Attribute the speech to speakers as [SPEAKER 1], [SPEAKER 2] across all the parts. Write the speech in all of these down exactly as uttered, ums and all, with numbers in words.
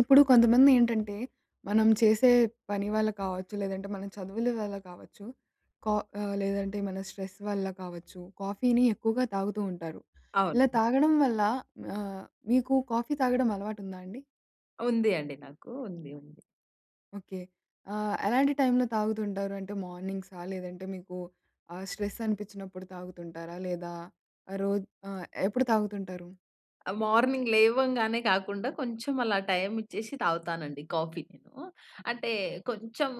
[SPEAKER 1] ఇప్పుడు కొంతమంది ఏంటంటే మనం చేసే పని వళ్ళ కావచ్చు, లేదంటే మన చదువుల వల్ల కావచ్చు, కా లేదంటే మన స్ట్రెస్ వల్ల కావచ్చు, కాఫీని ఎక్కువగా తాగుతూ ఉంటారు. ఇలా
[SPEAKER 2] అవును.
[SPEAKER 1] తాగడం వల్ల ఆహ్, మీకు కాఫీ తాగడం అలవాటు ఉందా అండి?
[SPEAKER 2] ఉంది అండి నాకు. ఉంది, ఉంది.
[SPEAKER 1] ఓకే. ఆహ్, ఎలాంటి టైంలో తాగుతుంటారు? అంటే మార్నింగ్సా లేదంటే మీకు ఆహ్, స్ట్రెస్ అనిపిచ్చినప్పుడు తాగుతుంటారా? లేదా రోజ్ ఆహ్, ఎప్పుడు తాగుతుంటారు?
[SPEAKER 2] ఆ మార్నింగ్ లేవంగానే కాకుండా కొంచెం అలా టైం ఇచ్చేసి తాగుతానండి కాఫీ నేను. అంటే కొంచెము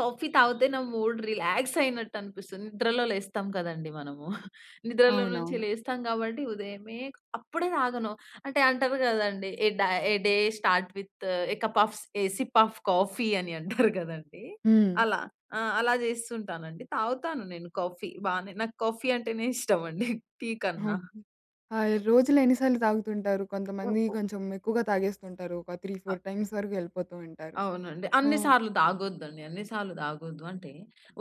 [SPEAKER 2] కాఫీ తాగితే నా మూడ్ రిలాక్స్ అయినట్టు అనిపిస్తుంది. నిద్రలో లేస్తాం కదండీ! మనము. నిద్రలో నుంచి
[SPEAKER 1] అవునవును.
[SPEAKER 2] లేస్తాం గాబట్టి ఉదయమే అప్పుడే తాగను. అంటే అంటారు గదండీ! A day "a day start with a cup of a sip of coffee" అని అంటారు గదండీ!
[SPEAKER 1] హ్మ్.
[SPEAKER 2] అలా ఆహ్, అలా జేస్తుంటానండి. తాగుతాను నేను కాఫీ బానే, నాకు కాఫీ అంటేనే ఇష్టం అండి టీ కన్నా.
[SPEAKER 1] ఓకే. ఆహ్, రోజులో ఎన్నిసార్లు తాగుతుంటారు? కొంతమంది
[SPEAKER 2] హుహు.
[SPEAKER 1] కొంచెం ఎక్కువగా తాగేస్తుంటారు. ఒక త్రీ ఫోర్
[SPEAKER 2] ఆహ్
[SPEAKER 1] టైమ్స్ వరకు యెళ్ళిపోతూ ఉంటారు.
[SPEAKER 2] అవునండి.
[SPEAKER 1] ఆ!
[SPEAKER 2] అన్ని సార్లు తాగొద్దండి. అన్ని సార్లు తాగొద్దు. అంటే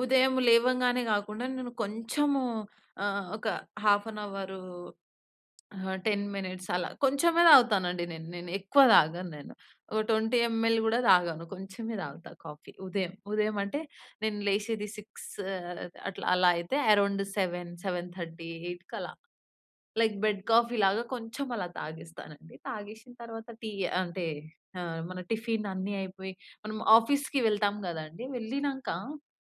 [SPEAKER 2] ఉదయం లేవంగానే గాకుండా, నేను కొంచెము ఆహ్, ఒక హాఫ్ అన్ అవర్ హా! టెన్ మినిట్స్ అలా. కొంచెమే తాగుతానండి నేను. నేను ఎక్కువ తాగను నేను. ఒక ట్వెంటీ ఎంఎల్ గూడా తాగను. కొంచెమే తాగుతా కాఫీ ఉదయం. ఉదయం అంటే నేను లేసేది సిక్స్ అట్లా. అలా అయితే అరౌండ్ సెవెన్ సెవెన్ థర్టీ ఎయిట్‌కి అలా లైక్ బెడ్ కాఫీలాగా కొంచెం అలా తాగేస్తానండి. తాగేషిన తర్వాత టీ అంటే, ఆహ్, మన టిఫిన్ అన్నీ అయిపోయి, మనం ఆఫీస్‌కి వెళ్తాం గదండీ వెళ్ళినాక,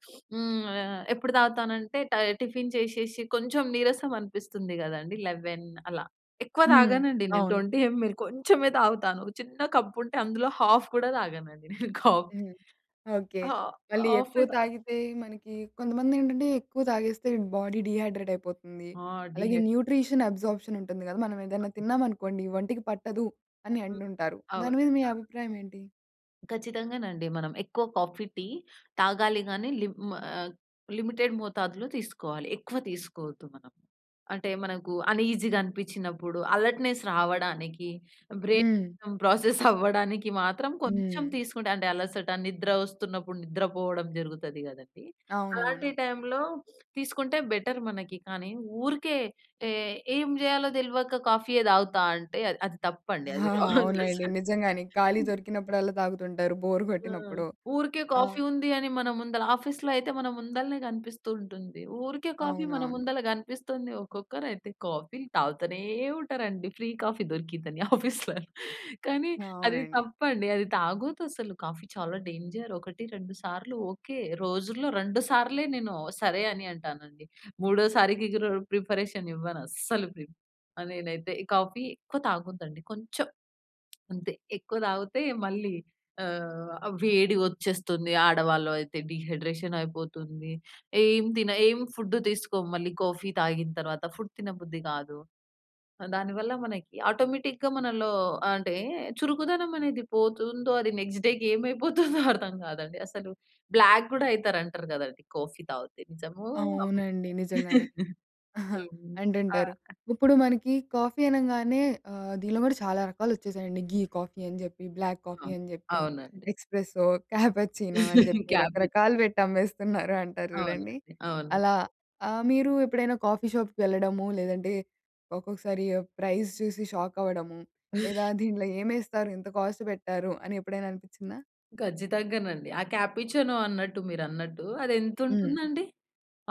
[SPEAKER 2] హ్మ్ ఆహ్, ఎప్పుడు తాగుతానంటే టై టిఫిన్ చేసేసి కొంచెం నీరసం అనిపిస్తుంది గదండీ! లెవెన్ అలా. ఎక్కువ
[SPEAKER 1] హ్మ్.
[SPEAKER 2] తాగనండి నేను
[SPEAKER 1] అవును.
[SPEAKER 2] ట్వెంటీ ఎంఎల్ కొంచెమే తాగుతాను. చిన్న కప్ ఉంటే అందులో హాఫ్ గూడా తాగనండి నేను కాఫీ.
[SPEAKER 1] హ్మ్. ఓకే.
[SPEAKER 2] ఆహ్,
[SPEAKER 1] మళ్ళీ ఎక్కువ
[SPEAKER 2] హాఫే తా
[SPEAKER 1] తాగితే మనకి కొంతమంది ఏంటంటే ఎక్కువ తాగేస్తే బాడీ డీహైడ్రేట్ అయిపోతుంది.
[SPEAKER 2] ఆ!
[SPEAKER 1] అలాగే
[SPEAKER 2] డీహై
[SPEAKER 1] న్యూట్రిషన్ అబ్‌సార్ప్‌షన్ ఉంటుంది గదా! మనం ఏదైనా తిన్నాం అనుకోండి "ఒంటికి పట్టదు" అని
[SPEAKER 2] హ్మ్.
[SPEAKER 1] అంటుంటారు దాని
[SPEAKER 2] అవునండి,
[SPEAKER 1] మీద మీ
[SPEAKER 2] అవును.
[SPEAKER 1] అభిప్రాయం ఏంటి?
[SPEAKER 2] ఖచ్చితంగా నండి. మనం ఎక్కువ కాఫీ, టీ తాగాలి కానీ లిం ఆహ్, లిమిటెడ్ మోతాదులో తీసుకోవాలి. ఎక్కువ తీసుకోవద్దు మనం. అంటే, మనకు అన్ఈజీగా అనిపించినప్పుడు, అలర్ట్‌నెస్ రావడానికి,
[SPEAKER 1] హ్మ్.
[SPEAKER 2] బ్రైన్ ప్రాసెస్ అవ్వడానికి మాత్రం కొంచెం
[SPEAKER 1] హ్మ్.
[SPEAKER 2] తీసుకుంటే అంటే అలసట, నిద్ర వస్తున్నప్పుడు, నిద్ర పోవడం జరుగుతది కదండీ! అలాంటి
[SPEAKER 1] అవునవును.
[SPEAKER 2] టైంలో తీసుకుంటే బెటర్ మనకి. కానీ, ఊరికే టే ఏం చేయాలో తెల్వక కాఫీయే తాగుతా అంటే అది అది తప్పండి. అది
[SPEAKER 1] ఆహాహా!
[SPEAKER 2] రాంగ్
[SPEAKER 1] అవునండి.
[SPEAKER 2] అసలు.
[SPEAKER 1] నిజంగానే. ఖాళీ
[SPEAKER 2] హ్మ్.
[SPEAKER 1] దొరికినప్పుడల్లా తాగుతుంటారు. బోర్
[SPEAKER 2] ఆ!
[SPEAKER 1] కొట్టినప్పుడో,
[SPEAKER 2] ఊరికే
[SPEAKER 1] ఆ!
[SPEAKER 2] కాఫీ ఉంది అని, మన ముందల ఆఫీస్‌లో అయితే మన ముందలనే కనిపిస్తూ ఉంటుంది. ఊరికే కాఫీ మన
[SPEAKER 1] అవునవును.
[SPEAKER 2] ముందల కనిపిస్తుంది. ఒక్కొక్కరు అయితే కాఫీలు తాగుతూనే ఉంటారండి. ఫ్రీ కాఫీ దొరికిందని ఆఫీస్‌లో. కానీ అది
[SPEAKER 1] అవునండి.
[SPEAKER 2] తప్పండి అది తాగొద్దు అసలు కాఫీ చాలా డేంజర్ ఒకటి రెండు సార్లు ఓకే. రోజుల్లో రెండు సార్లే నేను సరే అని అంటానండి. మూడోసారికి ఇకరు ప్రిపరేషన్ ఇవ్వను అస్సలు ప్రిప్ ఆ! నేనైతే కాఫీ ఎక్కువ తాగొద్దండి. కొంచెం అంతే. ఎక్కువ తాగితే మళ్ళీ ఆహ్, వేడి వచ్చేస్తుంది, ఆడవాళ్ళు అయితే డీహైడ్రేషన్ అయిపోతుంది. ఏం తిన ఏం ఫుడ్ తీసుకోము మళ్ళీ కాఫీ తాగిన తరువాత ఫుడ్ తినబుద్ధి కాదు. దానివల్ల మనకి ఆటోమేటిక్‌గా మనలో ఆహ్, అంటే చురుకుదనం అనేది పోతుందో అది నెక్స్ట్ డే‌కి ఏమైపోతుందో అర్థం కాదండి అసలు. బ్లాక్ కూడా అయితారు అంటారు కదండి! కాఫీ తాగితే నిజమో?
[SPEAKER 1] అవునండి.
[SPEAKER 2] ఆబద్ధమో?
[SPEAKER 1] నిజంగానే.
[SPEAKER 2] హ్మ్. ఆ!
[SPEAKER 1] అంటుంటారు.
[SPEAKER 2] ఆ!
[SPEAKER 1] ఇప్పుడు మనకి కాఫీ అనంగానే ఆహ్, దీనిలో కూడా చాలా రకాలొచ్చేసాయండి. ఘీ కాఫీ అని చెప్పి, బ్లాక్
[SPEAKER 2] ఆ!
[SPEAKER 1] కాఫీ అని చెప్పి,
[SPEAKER 2] అవునండి.
[SPEAKER 1] ఎక్స్‌ప్రెస్సో, క్యాపచినో అని చెప్పి
[SPEAKER 2] క్యాపచ్
[SPEAKER 1] రకరకాలు పెట్టి అమ్మేస్తున్నారు అంటారు చూడండి.
[SPEAKER 2] అవునండి. అవును.
[SPEAKER 1] అలా ఆహ్, మీరు ఎప్పుడైనా కాఫీ షాప్‌కి వెళ్ళడము లేదంటే, ఒక్కొక్కసారి ఆ ప్రైస్ చూసి షాక్ అవ్వడము? లేదా దీంట్లో ఏమేస్తారు ఇంత కాస్ట్ పెట్టారు అని ఎప్పుడైనా అనిపించిందా?
[SPEAKER 2] ఖచ్చితంగానండి. ఆ కాపుచినో అన్నట్టు, మీరన్నట్టు అది ఎంత
[SPEAKER 1] హ్మ్.
[SPEAKER 2] ఉంటుందండి?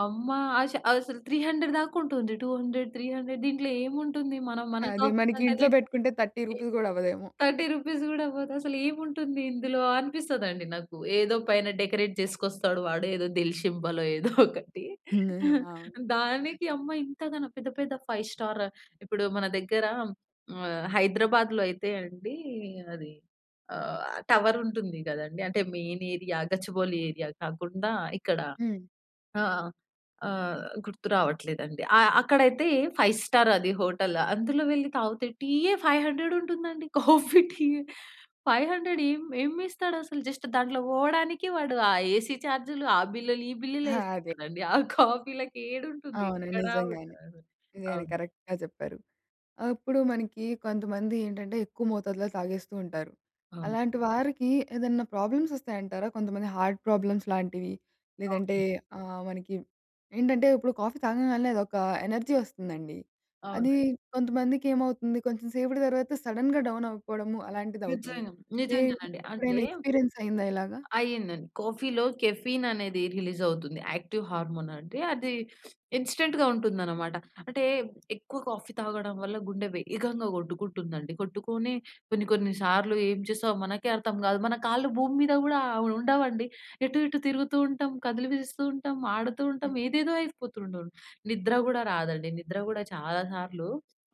[SPEAKER 2] అమ్మ ఆశ ఆహ్, అసలు త్రీ హండ్రెడ్ దాకా ఉంటుంది. టూ హండ్రెడ్, త్రీ హండ్రెడ్ దీంట్లో ఏముంటుంది? మనం మన
[SPEAKER 1] అది.
[SPEAKER 2] కాఫీ
[SPEAKER 1] మనకి
[SPEAKER 2] కంటే
[SPEAKER 1] ఇంట్లో
[SPEAKER 2] రేటు?
[SPEAKER 1] పెట్టుకుంటే థర్టీ
[SPEAKER 2] ఏ
[SPEAKER 1] రూపీస్ గూడా అవ్వదేమో.
[SPEAKER 2] థర్టీ రూపీస్ కూడా పోదసలు ఏముంటుంది ఇందులో? అనిపిస్తదండి నాకు. ఏదో పైన డెకరేట్ చేసుకొస్తాడు వాడు ఏదో దిల్ షింబలో ఏదో ఒకటి.
[SPEAKER 1] అవును.
[SPEAKER 2] దానికి అమ్మ ఇంతగనం. పెద్ద, పెద్ద ఫైవ్ స్టార్ ఇప్పుడు మన దగ్గర ఆహ్, హైదరాబాద్‌లో అయితే అండి అది ఆహ్, టవర్ ఉంటుంది గదండీ! అంటే మెయిన్ ఏరియా గచ్చిబౌలి ఏరియా కాకుండా ఇక్కడ
[SPEAKER 1] హ్మ్.
[SPEAKER 2] ఆహ్, ఆహ్, గుర్తు రావట్లేదండి. ఆ! అక్కడైతే ఫైవ్ స్టార్ అది హోటల్, అందులో వెళ్లి తాగితే టీయ్యే ఫైవ్ హండ్రెడ్ ఉంటుందండి. కాఫీ, టీ ఫైవ్ హండ్రెడ్ ఎం ఎం వేస్తాడసలు? జస్ట్ దాంట్లో పోవడానికి వాడు ఆ ఏసీ చార్జ్‌లు ఆ బిల్లులు, ఈ
[SPEAKER 1] ఆ!
[SPEAKER 2] బిల్లులు
[SPEAKER 1] అదే.
[SPEAKER 2] యేసుకుంటాడండి. ఆ కాఫీ‌లకి ఏడుంటుంది.
[SPEAKER 1] అవును.
[SPEAKER 2] ఎక్కడ
[SPEAKER 1] నిజంగానే,
[SPEAKER 2] ఉండదు.
[SPEAKER 1] నిజంగానే
[SPEAKER 2] అవును.
[SPEAKER 1] కరెక్ట్‌గా చెప్పారు. అప్పుడు మనకి కొంతమంది ఏంటంటే ఎక్కువ మోతాదులో తాగేస్తూ ఉంటారు.
[SPEAKER 2] అవును.
[SPEAKER 1] అలాంటి వారికి ఏదన్నా ప్రాబ్లమ్స్ వస్తాయంటారా? కొంతమంది హార్ట్ ప్రాబ్లమ్స్ లాంటివి? లేదంటే
[SPEAKER 2] అవునండి.
[SPEAKER 1] ఆహ్, మనకి ఏంటంటే ఇప్పుడు కాఫీ తాగంగాల్నే అదొక ఎనర్జీ వస్తుందండి. అది
[SPEAKER 2] అవునండి.
[SPEAKER 1] కొంతమందికి ఏమవుతుంది కొంచెం సేపటి తర్వాత సడెన్‌గ డౌన్ అయిపోవడము అలాంటిదవుతుంది.
[SPEAKER 2] నిజంగ. నిజంగానండి.
[SPEAKER 1] [unintelligible]
[SPEAKER 2] అంటే!
[SPEAKER 1] ఎప్పుడైనా ఎక్స్‌పీరియన్స్ అయిందా ఇలాగా?
[SPEAKER 2] అయిందండి. కాఫీలో కెఫీన్ అనేది రిలీజ్ అవుతుంది. యాక్టివ్ హార్మోన్ అంటే అది ఇన్‌స్టంట్‌గా ఉంటుందన్నమాట. అంటే ఎక్కువ కాఫీ తాగడం వల్ల గుండె వేగంగా గొట్టుకుంటుందండి. కొట్టుకొని కొన్ని, కొన్ని సార్లు ఏం చేసాం మనకే అర్థం కాదు. మన కాళ్ళు భూమి మీద గూడా ఆహ్, ఉండవండి. ఎటు, ఎటు తిరుగుతూ ఉంటాం, కదిలిపిస్తూ ఉంటాం, ఆడుతూ
[SPEAKER 1] హ్మ్.
[SPEAKER 2] ఉంటాం, ఏదేదో అయిపోతుండును నిద్ర గూడా రాదండి. నిద్ర గూడా చాలా సార్లు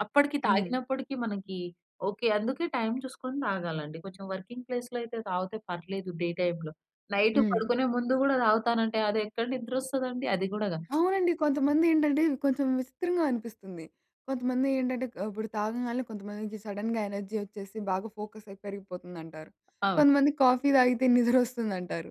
[SPEAKER 2] అప్పడికి,
[SPEAKER 1] హ్మ్.
[SPEAKER 2] తాగినప్పడికీ మనకి ఓకే. అందుకే టైమ్ చూసుకొని తాగాలండి. కొంచెం వర్కింగ్ ప్లేస్‌లో అయితే తాగితే పర్లేదు డే టైమ్‌లో. నైటు
[SPEAKER 1] హ్మ్.
[SPEAKER 2] పడుకునే ముందు గూడా తాగుతానంటే అది ఎక్కడ నిద్రొస్తదండి? అది గూడా గాదు.
[SPEAKER 1] అవునండి. కొంతమంది ఏండంటే, కొంచెం విసిత్రంగా అనిపిస్తుంది. కొంతమంది ఏంటంటే ఆహ్, ఇప్పుడు తాగంగాల్నే కొంతమందికి సడెన్‌గ ఎనర్జీ వచ్చేసి బాగా ఫోకస్ అయి పెరిగిపోతుందంటారు.
[SPEAKER 2] అవును.
[SPEAKER 1] కొంతమంది కాఫీ తాగితే నిద్రొస్తుందంటారు.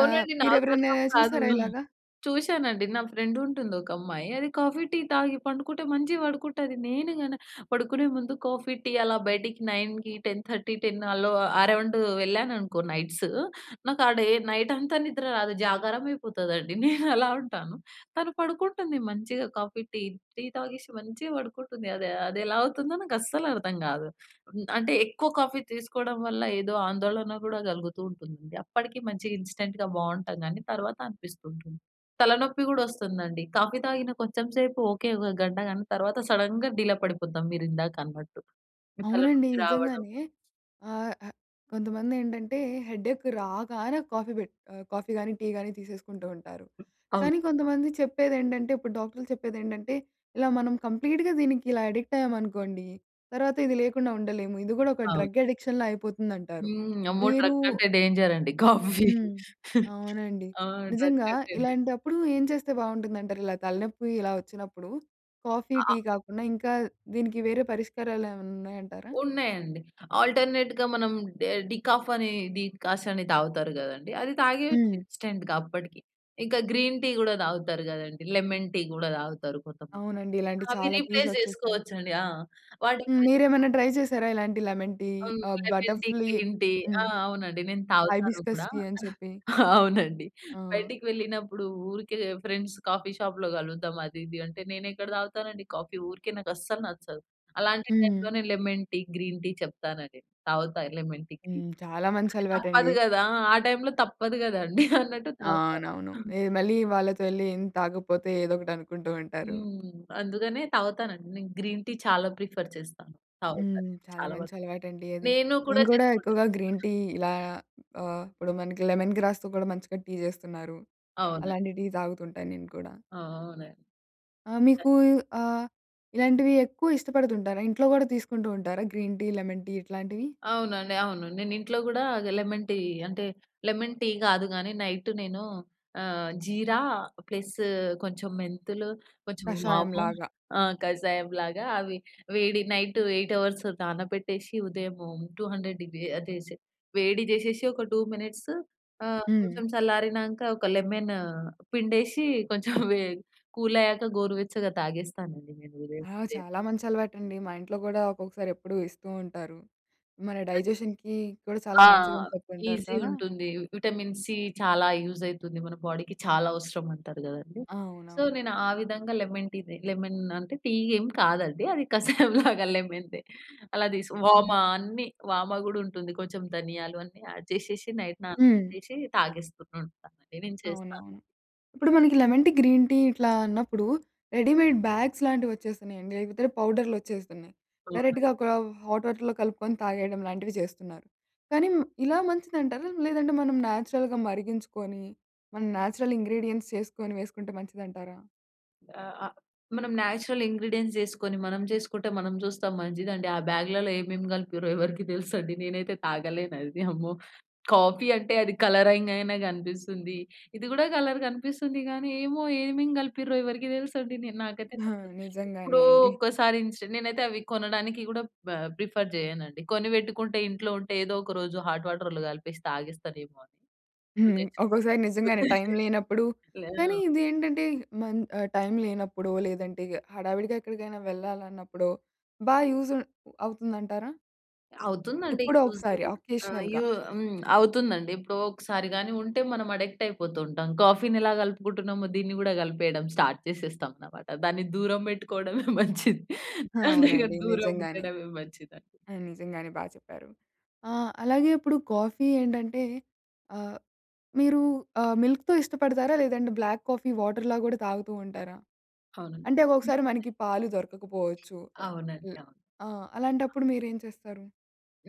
[SPEAKER 1] ఆహ్, మీరు
[SPEAKER 2] నాకు
[SPEAKER 1] ఎవరినయినా
[SPEAKER 2] అర్థం కాదు.
[SPEAKER 1] చూసారా ఇలాగా?
[SPEAKER 2] చూసానండి నా ఫ్రెండ్ ఉంటుంది. ఒక అమ్మాయి అది కాఫీ, టీ తాగి పండుకుంటే మంచిగా పడుకుంటది. నేను గన పడుకునే ముందు కాఫీ, టీ అలా బయటికి నైన్‌కి, టెన్ థర్టీ, టెన్ అలో అరౌండు వెళ్ళాననుకో నైట్‌సు నాకు ఆ డే నైట్ అంతా నిద్ర రాదు జాగారం అయిపోతదండి. నేను అలా ఉంటాను. తను పడుకుంటుంది మంచిగా. కాఫీ, టీ టీ తాగేసి మంచిగా పడుకుంటుంది. అది అదెలా అవుతుందో నాకస్సలు అర్థం గాదు. హ్మ్. అంటే ఎక్కువ కాఫీ తీసుకోడం వల్ల ఏదో ఆందోళన గూడా గలుగుతూ ఉంటుంది. అప్పడికి మంచి ఇన్‌స్టంట్‌గా బావుంటాం గానీ, తర్వాత అనిపిస్తుంటుంది. తలనొప్పి గూడా వస్తుందండి. కాఫీ తాగిన కొంచెం సేపు ఓకే. ఒక గంట కానీ తర్వాత సడెన్‌గ డీలా పడిపోతాం మీరు ఇందాకన్నట్టు. ఈ
[SPEAKER 1] అవునండి.
[SPEAKER 2] తలనొప్పి రావడం
[SPEAKER 1] నిజంగానే ఆహ్, ఆహ్, కొంతమంది ఏండంటే హెడేక్ రాగానే కాఫీ పెట్ ఆహ్, కాఫీ కానీ, టీ గాని తీసేసుకుంటూ ఉంటారు.
[SPEAKER 2] అవును.
[SPEAKER 1] కానీ కొంతమంది చెప్పేదేంటంటే ఇప్పుడు డాక్టర్లు చెప్పేది ఏండంటే "ఇలా మనం కంప్లీట్‌గా దీనికి ఇలా అడిక్ట్ అయ్యామనుకోండి, తర్వాత ఇది లేకుండా ఉండలేము. ఇది గూడా ఒక
[SPEAKER 2] అవును.
[SPEAKER 1] డ్రగ్ అడిక్షన్‌లా అయిపోతుందంటారు."
[SPEAKER 2] హ్మ్. అమ్మో!
[SPEAKER 1] మీరూ
[SPEAKER 2] డ్రగ్ కంటే డేంజర్ అండి. కాఫీ
[SPEAKER 1] హ్మ్. అవునండి.
[SPEAKER 2] ఆ! డ్రగ్
[SPEAKER 1] నిజంగా
[SPEAKER 2] కంటే డేంజర్.
[SPEAKER 1] ఇలాంటప్పుడు ఏం చేస్తే బావుంటుందంటారు? ఇలా తలనొప్పి ఇలా వచ్చినప్పుడు కాఫీ,
[SPEAKER 2] అ
[SPEAKER 1] టీ
[SPEAKER 2] ఆహ్
[SPEAKER 1] కాకుండా ఇంకా దీనికి వేరే పరిష్కారాలేవన్నా ఉన్నాయంటారా?
[SPEAKER 2] ఉన్నాయండి. ఆల్టర్‌నేట్‌గా మనం డె డికాఫ్ అని డికాసన్ తాగుతారు గదండీ! అది తాగేయచ్చు
[SPEAKER 1] హ్మ్.
[SPEAKER 2] ఇన్‌స్టంట్‌గా అప్పడికి. ఇంక గ్రీన్ టీ గూడా తాగుతారు కదండీ! లెమన్ టీ కూడా తాగుతారు కొంతమంది.
[SPEAKER 1] అవునండి. ఇలాంటివి
[SPEAKER 2] అవి
[SPEAKER 1] చాలా టీస్
[SPEAKER 2] రీప్లేస్
[SPEAKER 1] వచ్చేస్తాయి.
[SPEAKER 2] జేసుకోవచ్చండి. ఆ! వాటి
[SPEAKER 1] హ్మ్,
[SPEAKER 2] [unintelligible]
[SPEAKER 1] మీరేమైనా ట్రై చేసారా? ఇలాంటి లెమన్ టీ
[SPEAKER 2] హ్మ్.
[SPEAKER 1] ఆహ్,
[SPEAKER 2] లెమన్
[SPEAKER 1] బటర్
[SPEAKER 2] టీ,
[SPEAKER 1] ఫ్లీ
[SPEAKER 2] గ్రీన్ టీ. ఆ!
[SPEAKER 1] హ్మ్.
[SPEAKER 2] అవునండి. నేను తాగుతాను
[SPEAKER 1] హైబిస్కస్
[SPEAKER 2] గూడా
[SPEAKER 1] టీ అని చెప్పి
[SPEAKER 2] అవునండి.
[SPEAKER 1] ఆ!
[SPEAKER 2] బయటకి వెళ్ళినప్పుడు ఊరికే ఫ్రెండ్స్ కాఫీ షాప్‌లో గలుద్దాం అది, ఇది అంటే. నేను ఎక్కడ తాగుతానండి కాఫీ ఊరికే నాకు అస్సలు నచ్చదు. అలాంటి
[SPEAKER 1] హ్మ్.
[SPEAKER 2] టైమ్‌లోనే లెమన్ టీ, గ్రీన్ టీ చెప్తానండి. తాగుతా లెమన్ టీ,
[SPEAKER 1] హ్మ్.
[SPEAKER 2] Green tea.
[SPEAKER 1] చాలా మంచి
[SPEAKER 2] అంటే
[SPEAKER 1] అలవాటండి.
[SPEAKER 2] తప్పదు గదా! ఆ టైమ్‌లో తప్పదు గదండీ అన్నట్టు తాగుతాను.
[SPEAKER 1] అవునవును. ఎహ్ మళ్ళీ వాళ్ళతో యెళ్లి ఏం తాగకపోతే ఏదోకటి అనుకుంటూ ఉంటారు.
[SPEAKER 2] హ్మ్. అందుకనే తాగుతానండి. నేను గ్రీన్ టీ చాలా ప్రిఫర్ చేస్తాను. తాగుతాను.
[SPEAKER 1] హ్మ్. చాలా
[SPEAKER 2] చాలా
[SPEAKER 1] మంచి
[SPEAKER 2] వరకు.
[SPEAKER 1] అలవాటండి అది.
[SPEAKER 2] నేను కూడా
[SPEAKER 1] నేను కూడా
[SPEAKER 2] చేస్కుంటాను.
[SPEAKER 1] ఎక్కువగా గ్రీన్ టీ ఇలా ఆహ్, ఇప్పుడు మనకి లెమన్ గ్రాస్‌తో కూడా మంచిగా టీ చేస్తున్నారు.
[SPEAKER 2] అవునండి.
[SPEAKER 1] అలాంటి టీ తాగుతుంటాను నేను కూడా.
[SPEAKER 2] అవునండి.
[SPEAKER 1] ఆ! మీకు ఆహ్, ఇలాంటివి ఎక్కువ ఇష్టపడుతుంటారా? ఇంట్లో కూడా తీసుకుంటూ ఉంటారా? గ్రీన్ టీ, లెమన్ టీ ఇట్లాంటివి?
[SPEAKER 2] అవునండి, అవును. నేను ఇంట్లో గూడా లెమన్ టీ అంటే లెమన్ టీ కాదు గానీ నైటు నేను ఆహ్, జీరా, ప్లస్ కొంచెం మెంతులు, కొంచెం వాము
[SPEAKER 1] కషాయంలాగా
[SPEAKER 2] ఆహ్, కషాయంలాగా అవి వేడి నైట్ ఎయిట్ అవర్స్ నానబెట్టేసి, ఉదయము టూ హండ్రెడ్ డిగ్రీ అదేసి వేడి జేసేసి ఒక టూ మినిట్స్ ఆహ్,
[SPEAKER 1] హ్మ్.
[SPEAKER 2] కొంచెం చల్లారినాంక ఒక లెమను పిండేసి కొంచెం వే కూల్ అయ్యాక గోరువెచ్చగా తాగేస్తానండి నేను ఉదయం,
[SPEAKER 1] ఆ!
[SPEAKER 2] ఉదయం.
[SPEAKER 1] చాలా మంచి అలవాటండి. మా ఇంట్లో గూడా ఒక్కొక్కసారి ఎప్పుడూ ఇస్తూ ఉంటారు. "మన
[SPEAKER 2] అది
[SPEAKER 1] డైజెషన్‌కి కూడా చాలా
[SPEAKER 2] ఆ!
[SPEAKER 1] మంచిదని చెప్తుంటారు"
[SPEAKER 2] ఈజీ
[SPEAKER 1] కదా!
[SPEAKER 2] ఉంటుంది. విటమిన్ సి చాలా యూజ్ అయితుంది మన బాడీకి. చాలా అవసరమంటారు గదండీ! సో,
[SPEAKER 1] అవునవును.
[SPEAKER 2] నేను ఆ విధంగా లెమన్ టీనే లెమన్ అంటే టీ ఎం కాదండి! అది కసాయంలాగా లెమన్‌ టీ. అలా తీస్ వామ
[SPEAKER 1] హ్మ్.
[SPEAKER 2] అన్నీ, వామ గూడా ఉంటుంది. కొంచెం ధనియాలు అన్ని యాడ్ జేషేషి నైట్
[SPEAKER 1] హ్మ్.
[SPEAKER 2] నానబెట్టేసి, తాగేస్తూ ఉంటాను. అదే నేను చేస్తాను.
[SPEAKER 1] అవునవును. ఇప్పుడు మనకి లెమన్ టీ, గ్రీన్ టీ ఇట్లా అన్నప్పుడు రెడీమేడ్ బ్యాగ్స్ లాంటివి వచ్చేస్తున్నాయండి. లేకపోతే పౌడర్లు వచ్చేస్తున్నాయి.
[SPEAKER 2] అవునండి.
[SPEAKER 1] డైరెక్ట్‌గ ఒక హాట్ వాటర్‌లో కలుపుకొని తాగేయడం లాంటివి చేస్తున్నారు. కానీ మ్ ఇలా మంచిదంటారా? లేదంటే మనం నేచురల్‌గ మరిగించుకొని మనం నేచురల్ ఇంగ్రీడియెంట్స్ చేసుకొని వేసుకుంటే మంచిదంటారా?
[SPEAKER 2] ఆ! ఆ మనం నేచురల్ ఇంగ్రీడియెంట్స్ యేసుకొని మనం చేసుకుంటే మనం చూస్తాం మంచిదండి. ఆ బాగ్‌లలో ఏమేమి కలిపిర్రో ఎవరికీ తెలుసండి? నేనైతే తాగలేను అది. అమ్మో! కాఫీ అంటే అది కలరింగ్ అయినా కనిపిస్తుంది. ఇది కూడా కలర్ కనిపిస్తుంది కానీ, ఏమో ఏమేం కలిపిర్రో ఎవరికీ తెలుసండి. నే నాకైతే
[SPEAKER 1] ఆ!
[SPEAKER 2] నచ్చదు.
[SPEAKER 1] నిజంగానే
[SPEAKER 2] ఎప్పుడో
[SPEAKER 1] అండి.
[SPEAKER 2] ఒక్కసారి ఇన్‌స్టా నేనైతే అవి కొనడానికి కూడా బ ప్రిఫర్ చేయనుండి. కొనిపెట్టుకుంటే ఇంట్లో ఉంటే ఏదో ఒక రోజు హాట్ వాటర్‌లో కలిపేసి తాగేస్తానేమో అని.
[SPEAKER 1] హ్మ్. ఒకోక్కసారి
[SPEAKER 2] తెచ్చుకొని ఇంట్లో
[SPEAKER 1] నిజంగానే టైమ్ లేనప్పుడు, కానీ
[SPEAKER 2] ఆ!
[SPEAKER 1] ఇది ఏంటంటే మన్ ఆహ్, టైమ్ లేనప్పుడో లేదంటే ఇగ హడావిడిగా ఎక్కడికైనా వెళ్ళాలన్నప్పుడో బా యూజ్ ఉం అవుతుందంటారా?
[SPEAKER 2] అవుతుందండి
[SPEAKER 1] ఎప్పుడో
[SPEAKER 2] యూజు.
[SPEAKER 1] ఒకసారి
[SPEAKER 2] ఆహ్,
[SPEAKER 1] అకేషనల్‌గా.
[SPEAKER 2] యూ హ్మ్, అవుతుందండి. ఎప్పుడో ఒకసారి గాని ఉంటే మనం అడిక్ట్ అయిపోతూ ఉంటాం. కాఫీ‌ని ఎలా కలుపుకుంటున్నామో దీన్ని కూడా కలిపేయడం స్టార్ట్ చేసేస్తాం అన్నమాట. దాన్ని దూరం పెట్టుకోవడమే మంచిది. అదే కదా
[SPEAKER 1] అవునండి.
[SPEAKER 2] దూరం
[SPEAKER 1] నిజంగానే.
[SPEAKER 2] ఉండడమే మంచిది అండి.
[SPEAKER 1] నిజంగానే బాగా చెప్పారు. ఆహ్, అలాగే ఇప్పుడు కాఫీ ఏంటంటే ఆహ్, మీరు ఆహ్, మిల్క్‌తో ఇష్టపడతారా? లేదంటే బ్లాక్ కాఫీ వాటర్‌లా కూడా తాగుతూ ఉంటారా? అంటే
[SPEAKER 2] అవునండి.
[SPEAKER 1] ఒకసారి మనకి పాలు దొరకకపోవచ్చు.
[SPEAKER 2] అవునండి.
[SPEAKER 1] హ్మ్.
[SPEAKER 2] అవును.
[SPEAKER 1] ఆ! అలాంటప్పుడు మీరేం చేస్తారు?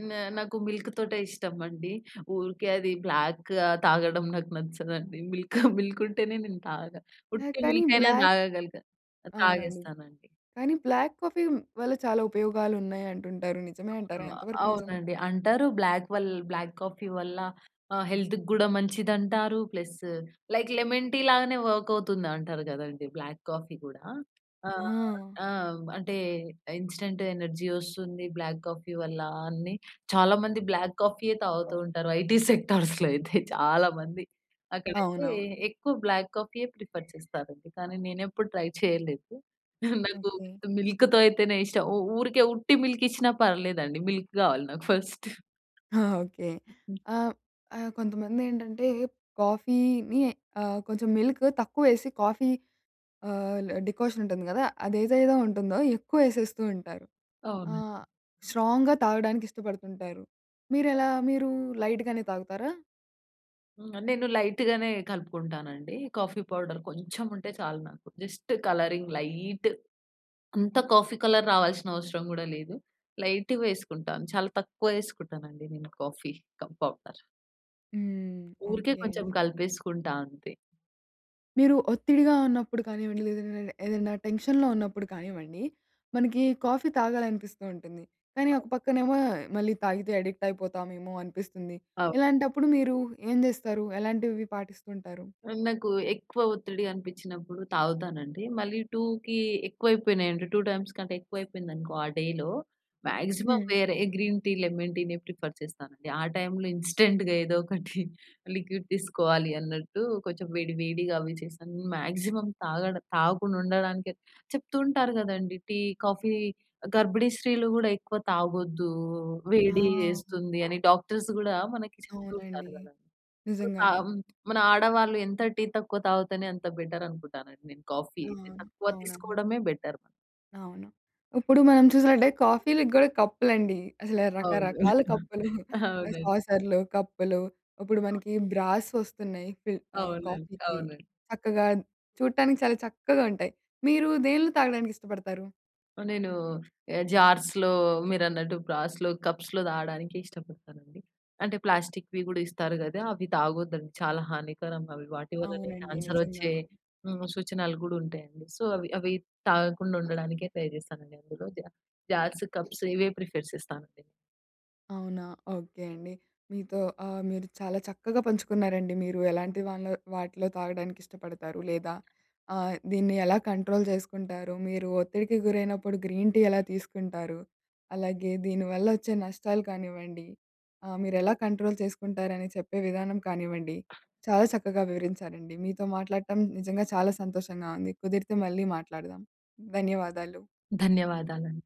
[SPEAKER 2] నా నాకు మిల్క్‌తోటే ఇష్టమండి. ఊరికే అది బ్లాక్ ఆహ్, తాగడం నాకు నచ్చదండి. మిల్క్ మిల్క్ ఉంటేనే నేను తాగుతా.
[SPEAKER 1] ఆహ్,
[SPEAKER 2] ఉట్టి
[SPEAKER 1] కానీ
[SPEAKER 2] మిల్క్ అయినా
[SPEAKER 1] బ్లాక్
[SPEAKER 2] తాగగలుగు ఆ!
[SPEAKER 1] అవునండి.
[SPEAKER 2] తాగేస్తానండి.
[SPEAKER 1] కానీ బ్లాక్ కాఫీ వల్ల చాలా ఉపయోగాలు ఉన్నయి అంటుంటారు నిజమే అంటారా?
[SPEAKER 2] అవును.
[SPEAKER 1] ఎంతవరకు నిజం.
[SPEAKER 2] అవునండి. అంటారు బ్లాక్ వల్ బ్లాక్ కాఫీ వల్ల ఆహ్, హెల్త్‌కి కూడా మంచిది అంటారు. ప్లస్, లైక్ లెమన్ టీ లాగానే వర్క్ అవుతుంది అంటారు కదండీ! బ్లాక్ కాఫీ కూడా. ఆహ్,
[SPEAKER 1] ఆ!
[SPEAKER 2] ఆ! అంటే ఇన్‌స్టాంట్ ఎనర్జీ వస్తుంది బ్లాక్ కాఫీ వల్ల అని చాలా మంది బ్లాక్ కాఫీ‌యే తాగుతూ ఉంటారు ఐటీ సెక్టార్స్‌లో అయితే చాలా మంది. అక్కడైతే
[SPEAKER 1] అవునవును.
[SPEAKER 2] ఎక్కువ బ్లాక్ కాఫీ‌యే ప్రిఫర్ చేస్తారు అండి. కానీ నేను ఎప్పుడు ట్రై చేయలేదు. నాకు
[SPEAKER 1] ఓకే.
[SPEAKER 2] విత్ మిల్క్‌తో అయితేనే ఇష్టం. ఊ ఊరికే ఉట్టి మిల్క్ ఇచ్చినా పర్లేదండి మిల్క్ కావాలి నాకు ఫస్ట్.
[SPEAKER 1] ఆ! ఓకే. ఆహ్, ఆహ్, కొంతమందేంటంటే, కాఫీని ఆహ్, కొంచెం మిల్క్ తక్కువ వేసి కాఫీ ఆహ్, డికాషన్ ఉంటుంది కదా! అదేదైతే ఉంటుందో ఎక్కువ వేసేస్తూ ఉంటారు.
[SPEAKER 2] అవునండి.
[SPEAKER 1] ఆహ్, స్ట్రాంగ్‌గా తాగడానికి ఇష్టపడుతుంటారు. మీరెలా? మీరు లైట్‌గానే తాగుతారా?
[SPEAKER 2] హ్మ్. నేను లైట్‌గానే కలుపుకుంటానండి. కాఫీ పౌడర్ కొంచెం ఉంటే చాలు నాకు. Just colouring light. అంతా కాఫీ కలర్ రావాల్సిన అవసరం గూడా లేదు. లైట్‌గా వేసుకుంటాను. చాలా తక్కువ ఏసుకుంటాను అండి, నేను కాఫీ కప్ పౌడర్.
[SPEAKER 1] హ్మ్.
[SPEAKER 2] ఊరికే
[SPEAKER 1] ఓకే
[SPEAKER 2] కొంచెం
[SPEAKER 1] అండి.
[SPEAKER 2] కలిపేసుకుంటా అంతే.
[SPEAKER 1] మీరు ఒత్తిడిగా ఉన్నప్పుడు కానివ్వండి, లేదంటే ఏదైనా టెన్షన్‌లో ఉన్నప్పుడు కానివ్వండి, మనకి కాఫీ తాగాలనిపిస్తుంటుంది. కానీ, ఒక పక్కనేమో మళ్ళీ తాగితే అడిక్ట్ అయిపోతామేమో అనిపిస్తుంది.
[SPEAKER 2] అవును.
[SPEAKER 1] ఇలాంటప్పుడు మీరు ఏం జేస్తారు? ఎలాంటివి పాటిస్తుంటారు?
[SPEAKER 2] నాకు ఎక్కువ ఒత్తిడి అనిపించినప్పుడు తాగుతానండి. మళ్ళీ టూకీ ఎక్కువైపోనయంటే, టు టైమ్స్ కంటే ఎక్కువ అయిపోయిందనుకో, ఆ డేలో, మాక్సిమం
[SPEAKER 1] హ్మ్.
[SPEAKER 2] వేరే గ్రీన్‌ టీ, లెమన్‌ టీనే ప్రిఫర్ చేస్తానండి. ఆ టైమ్‌లో ఇన్స్టాంట్‌గా ఏదో ఒకటి లిక్విడ్, తీసుకోవాలి అన్నట్టు, కొంచెం వేడి, వేడిగా అవి చేశాను. మాక్సిమం తాగడం తాగకుండా ఉండడానికే చెప్తుంటారు గదండీ! టీ, కాఫీ గర్భిణీ స్త్రీలు గూడా ఎక్కువ తాగొద్దు, వేడి
[SPEAKER 1] ఆ!
[SPEAKER 2] చేస్తుంది. అని డాక్టర్స్ గూడా మనకి చెప్తూ ఉంటారు
[SPEAKER 1] అవునండి.
[SPEAKER 2] గదా!
[SPEAKER 1] నిజంగానే.
[SPEAKER 2] ఆహ్, మన ఆడవాళ్ళు ఎంత టీ తక్కువ తావుతేనే, అంత బెటర్ అనుకుంటాను నేను. కాఫీ
[SPEAKER 1] ఆ!
[SPEAKER 2] తక్కువ
[SPEAKER 1] అవునా.
[SPEAKER 2] తీసుకోవడమే బెటర్.
[SPEAKER 1] అవును. ఇప్పుడు మనం చూసినట్టే కాఫీ‌లకి గూడా కప్పులు అండి అసలు
[SPEAKER 2] అవును.
[SPEAKER 1] రకరకాల కప్పులు ఆహ్,
[SPEAKER 2] అవునండి.
[SPEAKER 1] సాసర్లు, కప్పులు ఇప్పుడు మనకి బ్రాస్ వస్తున్నాయి. ఫీ ఆహ్,
[SPEAKER 2] అవునండి.
[SPEAKER 1] కాఫీకి
[SPEAKER 2] అవునండి.
[SPEAKER 1] చక్కగా చూడటానికి చాలా చక్కగా ఉంటాయి. మీరు దేని‌లో తాగడానికి ఇష్టపడతారు?
[SPEAKER 2] నేను జార్స్‌లో మీరన్నట్టు బ్రాస్‌లో, కప్స్‌లో తాగడానికి ఇష్టపడతానండి. అంటే ప్లాస్టిక్‌వి కూడా ఇస్తారు కదా! అవి తాగొద్దండి. చాలా హానికరం అవి. వాటి వల్లనే
[SPEAKER 1] అవునండి.
[SPEAKER 2] క్యాన్సర్
[SPEAKER 1] నిజంగా.
[SPEAKER 2] వచ్చే హ్మ్. సూచనలు కూడా ఉంటాయండి. సో, అవి అవి తాగకుండా ఉండడానికే ట్రై చేస్తానండి. అందులో జా జార్స్, కప్స్ ఇవే ప్రిఫర్ చేస్తానండి.
[SPEAKER 1] అవునా? ఓకే అండి. మీతో ఆహ్, మీరు చాలా చక్కగా పంచుకున్నారండి. మీరు ఎలాంటి వానిలో వాటిలో తాగడానికి ఇష్టపడతారు, లేదా ఆహ్, దీన్ని ఎలా కంట్రోల్ చేసుకుంటారు మీరు ఒత్తిడికి గురైనప్పుడు గ్రీన్ టీ ఎలా తీసుకుంటారు, అలాగే దీని వల్ల వచ్చే నష్టాలు కానివ్వండి, ఆహ్, మీరు ఎలా కంట్రోల్ చేసుకుంటారని చెప్పే విధానం కానివ్వండి, చాలా చక్కగా వివరించారండి. మీతో మాట్లాడటం నిజంగా చాలా సంతోషంగా ఉంది. కుదిరితే మళ్ళీ మాట్లాడదాం. ధన్యవాదాలు.
[SPEAKER 2] ధన్యవాదాలండి.